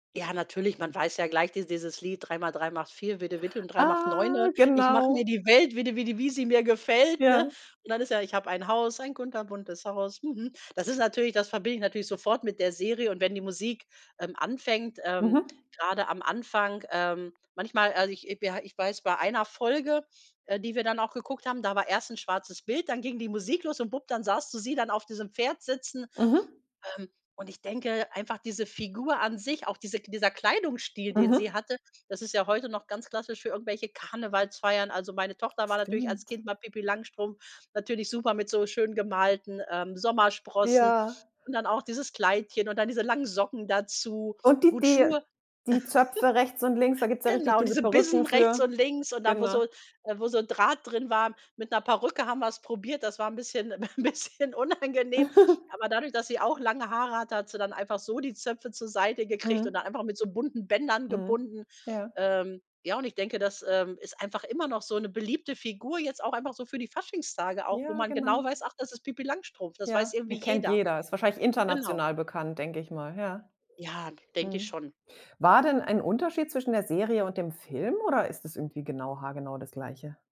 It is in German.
Ja, natürlich, man weiß ja gleich dies dieses Lied 3 mal 3 macht 4, Vidde Vidde und 3 mal Ah, 9. Ich mache mir genau. die Welt, Vidde Vidde, wie sie mir gefällt, ne? Ja. Und dann ist ja, ich habe ein Haus, ein kunterbuntes Haus, mhm. Das ist natürlich das verbinde ich natürlich sofort mit der Serie. Und wenn die Musik, ähm, anfängt, ähm, Mhm. gerade am Anfang, ähm manchmal, also ich we ha ich weiß, bei einer Folge, äh, die wir dann auch geguckt haben, da war erst 'n schwarzes Bild, dann ging die Musik los und bupp, dann sahst du sie dann auf diesem Pferd sitzen, Mhm. ähm, und ich denke einfach diese Figur an sich, auch diese K dieser Kleidungsstil, den Mhm. sie hatte, das ist ja heute noch ganz klassisch für irgendwelche Karnevalsfeiern. Also, meine Tochter war natürlich als Stimmt. Kind mal Pipi Langstrumpf natürlich super mit so schön gemalten, ähm, Sommersprossen. Ja. Und dann auch dieses Kleidchen und dann diese langen Socken dazu. Und die Gut, die Schuhe die Zöpfe rechts und links, da gibt's ja richtig genau, diese diese Bissen Perücken rechts für und links und dann, wo genau. so äh, wo so Draht drin war. Mit 'ner Perücke haben wir's probiert. Das war 'n bisschen 'n bisschen unangenehm. Aber dadurch, dass sie auch lange Haare hat, hat sie dann einfach so die Zöpfe zur Seite gekriegt und Mhm. dann einfach mit so bunten Bändern Mhm. gebunden. Ja. Ähm, ja, und ich denke, das ist, ähm, einfach immer noch so eine beliebte Figur, jetzt auch einfach so für die Faschingstage auch, wo Ja, man genau genau. weiß, ach: „Das ist Pipi Langstrumpf.“ Das Ja, weiß irgendwie den kennt jeder jeder, ist wahrscheinlich genau. international bekannt, denke ich mal, ja. Ja, denke ich Mhm. schon. War denn ein Unterschied zwischen der Serie und dem Film oder ist das irgendwie genau haargenau das Gleiche?